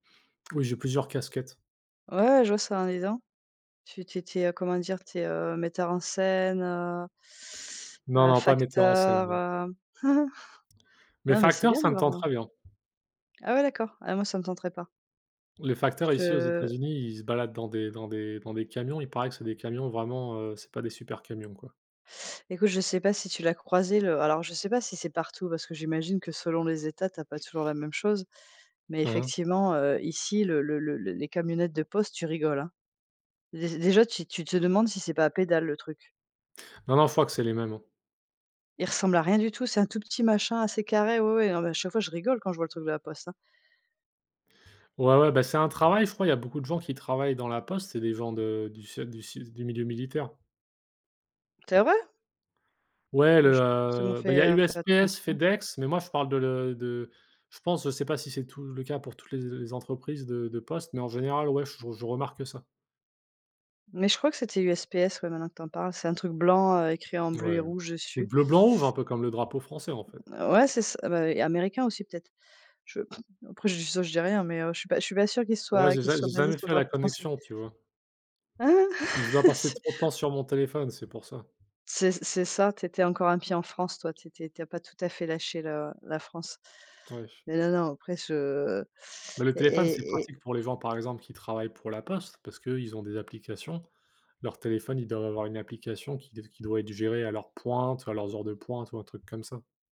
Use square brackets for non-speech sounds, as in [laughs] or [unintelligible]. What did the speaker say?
Oui, j'ai plusieurs casquettes. Ouais, ouais, je vois ça, hein, dis donc. Tu tu es tu es comment dire? Tu es, heu, metteur en scène, heu Non, heu, non, pas metteur en scène, facteur, non heu, [laughs] Mais non mais c'est facteur, bien ça de. me [unintelligible] tenterait bien. Ah ouais, d'accord. Ah moi, ça me tenterait pas. Les Je facteurs, ici, aux te États-Unis, ils se baladent dans des dans des dans des camions, il paraît que c'est des camions vraiment, heu, c'est pas des super camions, quoi. Écoute, je sais pas si tu l'as croisé le alors je sais pas si c'est partout, parce que j'imagine que selon les États, tu as pas toujours la même chose. Mais Hein, hein. effectivement, heu, ici, le le le les camionnettes de poste, tu rigoles, hein. Dé déjà tu tu te demandes si c'est pas à pédales, le truc. Non, non, je crois que c'est les mêmes, hein. Il ressemble à rien du tout, c'est un tout petit machin assez carré ouais, ouais, mais à chaque fois je rigole quand je vois le truc de la poste, hein. Ouais, ouais, bah, c'est un travail, je crois, il y a beaucoup de gens qui travaillent dans la poste, c'est des gens de du se du su du milieu militaire. C'est vrai? Ouais, Moi, le, j'ai pas forcément heu, bah il y fait, a heu, fait USPS, attention. FedEx, mais moi, je parle de de je pense, je sais pas si c'est tout le cas pour toutes les les entreprises de de poste, mais en général, ouais, je je remarque ça. Mais je crois que c'était USPS ouais, maintenant que tu en parles. C'est un truc blanc écrit en bleu et Ouais, rouge c'est dessus. bleu blanc rouge, un peu comme le drapeau français, en fait. Ouais, c'est ça bah, américain aussi peut-être. Je [chuckles] après ça je dis rien, mais, heu, je suis pas je suis pas sûre qu'ils se Ouais, soient j'ai qu'ils se jamais soient j'ai basés jamais sur le fait la drapeau français. connexion, tu vois? Hein C'est que je dois [laughs] passer C'est trop de temps sur mon téléphone, c'est pour ça. c'est c'est ça, tu était encore un pied en France, toi, tu étais tu as pas tout à fait lâché le la France. [unintelligible] Mais, non, non, après je Mais le téléphone, c'est et et pratique pour les gens, par exemple, qui travaillent pour la poste, parce qu'eux ils ont des applications. Leur téléphone, ils doivent avoir une application qui qui doit être géré à leur pointe, à leurs heures de pointe ou un truc comme ça.